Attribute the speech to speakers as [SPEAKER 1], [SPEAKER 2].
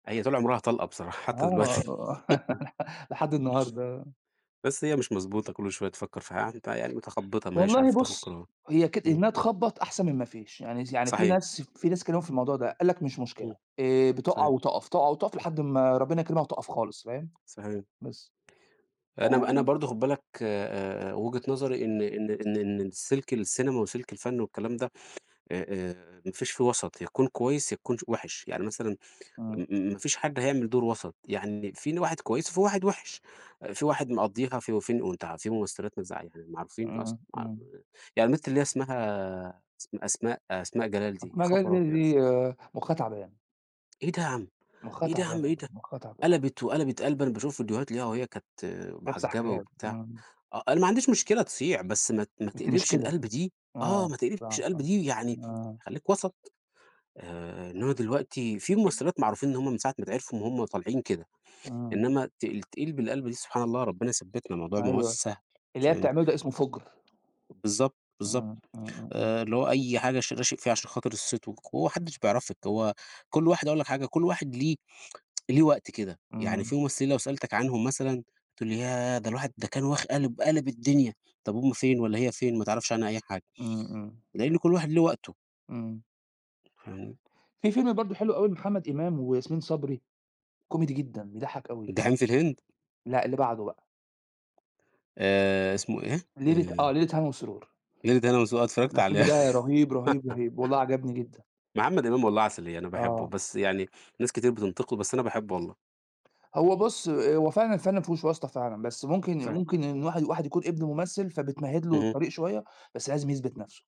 [SPEAKER 1] هي طول عمرها طلقة بصراحة، حتى دلوقتي.
[SPEAKER 2] آه. لحد النهاردة، آه.
[SPEAKER 1] بس هي مش مضبوطة، كل شوية تفكر في ح يعني ت يعني متخبطة، ما هياش
[SPEAKER 2] والله
[SPEAKER 1] عارفة تاخد
[SPEAKER 2] بُص،
[SPEAKER 1] قرار.
[SPEAKER 2] هي كد
[SPEAKER 1] إمم.
[SPEAKER 2] إنها تخبّط أحسن من ما فيش، يعني س يعني في
[SPEAKER 1] صحيح.
[SPEAKER 2] ناس في ناس اتكلموا في الموضوع ده، قال لك: "مش مشكلة
[SPEAKER 1] إمم.
[SPEAKER 2] آه، بتُقع
[SPEAKER 1] صحيح.
[SPEAKER 2] وتُقف، تُقع وتُقف لحد أما ربنا يكرمها وتُقف خالص." فاهم؟
[SPEAKER 1] صحيح.
[SPEAKER 2] بس. ف
[SPEAKER 1] أنا م أنا برضه خُد بالك آآ آآ، وجهة نظري إن إن إن إن السلك السينما وسلك الفن والكلام ده آآ آآ، ما فيش فيه وَسط، يا تكون كويس يا تكون ش وِحِش. يعني مثلًا م
[SPEAKER 2] إمم.
[SPEAKER 1] م ما فيش حد هيعمل دور وَسط، يعني في هنا واحد كويس وفي واحد وِحِش، آآ، في واحد مقَضّيها في وفين وأنت ع في ممثلات ما تزع يعني معروفين أصلًا
[SPEAKER 2] إمم،
[SPEAKER 1] ما ع
[SPEAKER 2] إمم.
[SPEAKER 1] يعني البت اللي هي اسمها أس أسماء أسماء جلال دي، يا
[SPEAKER 2] أسماء جلال
[SPEAKER 1] خبر
[SPEAKER 2] دي
[SPEAKER 1] أبيض!
[SPEAKER 2] دي دي مخها تعبان.
[SPEAKER 1] إيه ده يا عم،
[SPEAKER 2] مخها
[SPEAKER 1] إيه ده يا
[SPEAKER 2] تعبان
[SPEAKER 1] عم، إيه
[SPEAKER 2] والله،
[SPEAKER 1] ده؟
[SPEAKER 2] مخها تعبان.
[SPEAKER 1] قلبِت وقلبِت قلبة أنا باشوف فيديوهات ليها وهي كانت
[SPEAKER 2] لابسة
[SPEAKER 1] محجبة
[SPEAKER 2] حجاب،
[SPEAKER 1] وبتاع
[SPEAKER 2] إمم.
[SPEAKER 1] آه، أنا ما عنديش مشكلة تصيع، بس ما ت ما
[SPEAKER 2] بس مش
[SPEAKER 1] تقلبش
[SPEAKER 2] كده.
[SPEAKER 1] القلبة دي، آه،
[SPEAKER 2] آه
[SPEAKER 1] ما تقلبش
[SPEAKER 2] فعلًا صح،
[SPEAKER 1] القلبة دي، يعني
[SPEAKER 2] آه.
[SPEAKER 1] خليك وَسَط. آآ إنما دلوقتي في
[SPEAKER 2] إ
[SPEAKER 1] ممثلات معروفين إن هُم من ساعة ما اتعرفوا وهُم طالعين كده،
[SPEAKER 2] آه.
[SPEAKER 1] إنما ت تتقلب القلبة دي، سبحان الله! ربنا يثبتنا، الموضوع ما هواش
[SPEAKER 2] أيوه.
[SPEAKER 1] سهل،
[SPEAKER 2] اللي هي
[SPEAKER 1] فاهمني؟
[SPEAKER 2] بتعمله ده اسمه فُجر.
[SPEAKER 1] بالضبط، بالضبط.
[SPEAKER 2] إمم. إمم، إمم، إمم.
[SPEAKER 1] آآ اللي هو أي حاجة ش راشق فيها عشان خاطر الصيت والقو هو ما حدش بيعرفِك، هو كل واحد أقول لك حاجة، كل واحد ليه ليه وقت كده، يعني
[SPEAKER 2] إمم.
[SPEAKER 1] في ممثلين لو سألتك عنهم مثلًا تقول لي ياه! ده الواحد ده كان واخ قالب قالب الدنيا، طب هُم فين والّا هي فين؟ ما تعرفش عنها أي حاجة،
[SPEAKER 2] إمم، إمم.
[SPEAKER 1] لإن كل واحد له وقته.
[SPEAKER 2] إمم.
[SPEAKER 1] فاهم؟
[SPEAKER 2] في فيلم برضه حلو أوي لمحمد إمام وياسمين صبري، كوميدي جدًا، بيضَحّك أوي.
[SPEAKER 1] جحيم في الهند؟
[SPEAKER 2] لأ، اللي بعده بقى.
[SPEAKER 1] آآ، اسمه إيه؟
[SPEAKER 2] ليلة آه،
[SPEAKER 1] آآ
[SPEAKER 2] ليلة هنا وسرور.
[SPEAKER 1] ليلة هنا وسرور، آه
[SPEAKER 2] ده
[SPEAKER 1] اتفرجت عليه.
[SPEAKER 2] الفيلم ده رهيب، رهيب، رهيب. والله عجبني جدًا.
[SPEAKER 1] محمد إمام والله عسلية أنا باحبه،
[SPEAKER 2] آه.
[SPEAKER 1] بس يعني ناس كتير بتنتقده، بس أنا باحبه والله.
[SPEAKER 2] هو بُص، هو فعلًا الفن مافيهوش واسطة فعلًا، بس ممكن
[SPEAKER 1] فعلًا.
[SPEAKER 2] ممكن إن واحد واحد يكون ابن ممثل فبتمهد له
[SPEAKER 1] اهم.
[SPEAKER 2] الطريق شوية، بس لازم يثبت نفسه.